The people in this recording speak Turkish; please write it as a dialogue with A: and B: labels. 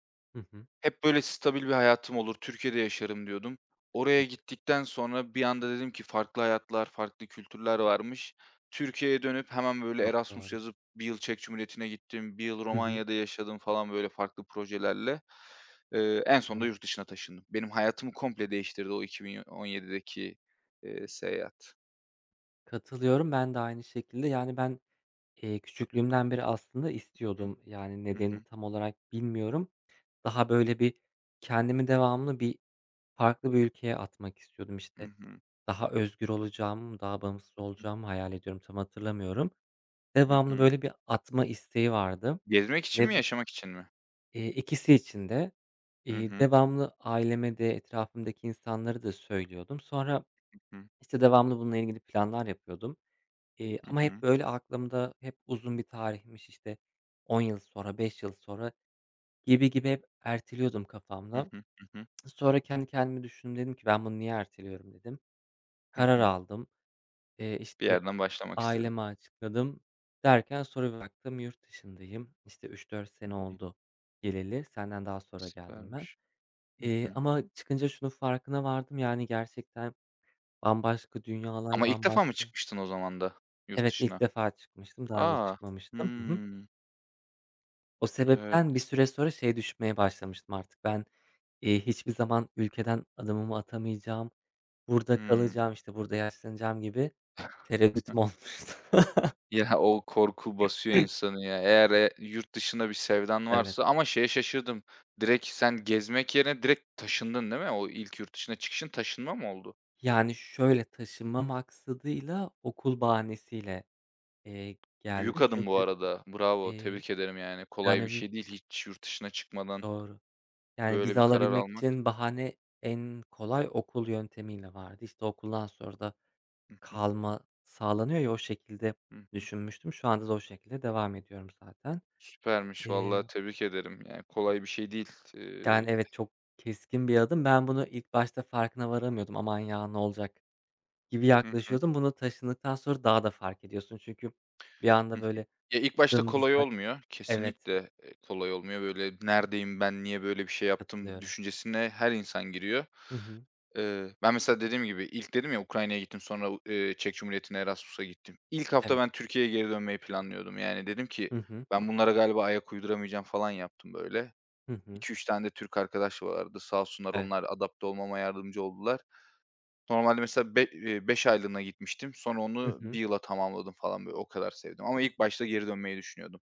A: Hı hı.
B: Hep böyle stabil bir hayatım olur, Türkiye'de yaşarım diyordum.
A: Hı.
B: Oraya gittikten sonra bir anda dedim ki farklı hayatlar, farklı kültürler varmış. Türkiye'ye dönüp hemen böyle
A: Çok
B: Erasmus
A: doğru.
B: yazıp 1 yıl Çek Cumhuriyeti'ne gittim, 1 yıl
A: Hı hı.
B: Romanya'da yaşadım falan böyle farklı projelerle. Eee, en sonunda
A: [unintelligible]
B: yurt dışına taşındım. Benim hayatımı komple değiştirdi o 2017'deki eee, seyahat.
A: Katılıyorum. Ben de aynı şekilde, yani, ben, eee, küçüklüğümden beri aslında
B: Hı hı.
A: istiyordum. Yani
B: Hı
A: nedenini
B: hı.
A: tam olarak bilmiyorum. Daha böyle bir kendimi devamlı bir farklı bir ülkeye atmak istiyordum.
B: Hı
A: İşte
B: hı.
A: daha özgür olacağım, daha bağımsız
B: Hı hı.
A: olacağımı hayal ediyodum. Tam hatırlamıyorum.
B: Hı
A: Devamlı
B: hı.
A: böyle bir atma isteği vardı
B: Gezmek için mi,
A: ve bu
B: yaşamak için mi?
A: Eee, ikisi için de.
B: Hı
A: Eee,
B: hı.
A: devamlı aileme de etrafımdaki insanlara da söylüyordum. Sonra
B: Hı hı.
A: işte devamlı bununla ilgili planlar yapıyordum, eee,
B: Hı
A: ama hep
B: hı.
A: böyle aklımda hep uzun bir tarihmiş işte 10 yıl sonra 5 yıl sonra gibi, gibi, hep erteliyordum
B: Hı
A: kafamda.
B: hı. Hı hı.
A: Sonra kendi kendimi düşündüm. Dedim ki ben bunu niye erteliyorum dedim.
B: Hı
A: Karar
B: hı.
A: aldım. Eee,
B: Bir
A: işte
B: yerden başlamak istedin.
A: aileme açıkladım. Derken sonra bir baktım yurt dışındayım. İşte 3-4
B: Hı
A: sene
B: hı.
A: oldu geleli. Senden daha sonra geldim ben.
B: Süpermiş. Hı
A: Eee,
B: hı.
A: ama çıkınca şunun farkına vardım. Yani gerçekten bambaşka dünyalar,
B: Ama ilk defa mı
A: bambaşka
B: çıkmıştın o zaman da, yurt
A: Evet ilk
B: dışına?
A: defa çıkmıştım. Daha önce
B: A!
A: çıkmamıştım. Hı hı.
B: Hımm.
A: O sebepten bir
B: Evet.
A: süre sonra şey düşünmeye başlamıştım artık. Ben, eee, hiçbir zaman ülkeden adımımı atamayacağım. Burada
B: Hımm.
A: kalacağım. İşte burada yaşlanacağım gibi tereddüdüm olmuştu.
B: Ya, o korku basıyor insanı ya. Eğer, eee, yurt dışına bir sevdan
A: Evet.
B: varsa ama şeye şaşırdım, direkt sen gezmek yerine direkt taşındın değil mi? O ilk yurt dışına çıkışın taşınma mı oldu?
A: Yani şöyle taşınma maksadıyla okul bahanesiyle, eee,
B: Büyük
A: geldim.
B: adım bu
A: Çünkü,
B: arada. Bravo,
A: eee,
B: tebrik ederim yani. Kolay bir
A: yani
B: şey değil hiç yurt dışına çıkmadan
A: Doğru. Yani
B: böyle
A: vize
B: bir karar
A: alabilmek
B: almak.
A: için bahane en kolay okul yöntemiyle vardı. İşte okuldan sonra da
B: Hı hı.
A: kalma sağlanıyor ya o şekilde
B: Hı hı.
A: düşünmüştüm. Şu anda da o şekilde devam ediyorum zaten.
B: Süpermiş valla,
A: Eee
B: tebrik ederim yani kolay bir şey değil. Iıı
A: Yani evet çok keskin bir adım. Ben bunu ilk başta farkına varamıyordum. Aman ya ne olacak gibi
B: Hı hı.
A: yaklaşıyordum. Bunu taşındıktan sonra daha da fark ediyorsun çünkü bir
B: Hı
A: anda
B: hı.
A: böyle,
B: Eee ilk başta kolay
A: dımdızlak.
B: olmuyor,
A: Evet.
B: kesinlikle, eee, kolay olmuyor. Böyle neredeyim, ben niye böyle bir şey yaptım
A: Katılıyorum.
B: düşüncesine her insan giriyor.
A: Hı hı.
B: Iıı, ben mesela dediğim gibi ilk dedim ya Ukrayna'ya gittim, sonra u eee, Çek Cumhuriyeti'ne Erasmus'a gittim. İlk hafta
A: Evet.
B: ben Türkiye'ye geri dönmeyi planlıyordum yani dedim ki
A: Hı hı.
B: ben bunlara galiba ayak uyduramayacağım falan yaptım böyle.
A: Hı hı.
B: 2-3 tane de Türk arkadaş vardı. Sağ olsunlar
A: Evet.
B: onlar adapte olmama yardımcı oldular. Normalde mesela be eee, 5 aylığına gitmiştim. Sonra
A: Hı
B: onu
A: hı.
B: 1 yıla tamamladım falan böyle, o kadar sevdim ama ilk başta geri dönmeyi düşünüyordum.